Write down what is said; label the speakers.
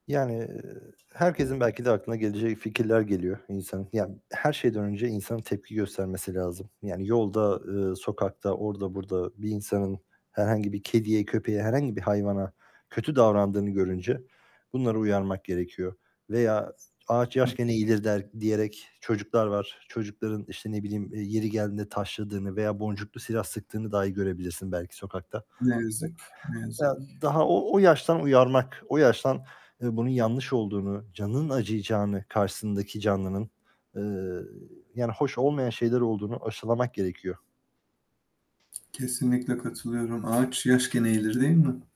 Speaker 1: Yani, eee, herkesin belki de aklına gelecek fikirler geliyor, insanın, ya her şeyden önce insanın tepki göstermesi lazım. Yani yolda, eee, sokakta, orada burada bir insanın herhangi bir kediye, köpeğe, herhangi bir hayvana kötü davrandığını görünce, bunları uyarmak gerekiyor. Veya, ağaç
Speaker 2: Hıh.
Speaker 1: yaşken eğilir de diyerek çocuklar var. Çocukların, işte ne bileyim, eee, yeri geldiğinde taşladığını veya boncuklu silah sıktığını dahi görebilirsin belki sokakta.
Speaker 2: Ne yazık ki, ne
Speaker 1: Ya,
Speaker 2: yazık ki.
Speaker 1: daha o, o yaştan uyarmak, o yaştan, ııı, bunun yanlış olduğunu, canının acıyacağını, karşısındaki canlının, eee, yani hoş olmayan şeyler olduğunu aşılamak gerekiyor.
Speaker 2: Kesinlikle katılıyorum, ağaç yaş iken eğilir, değil mi?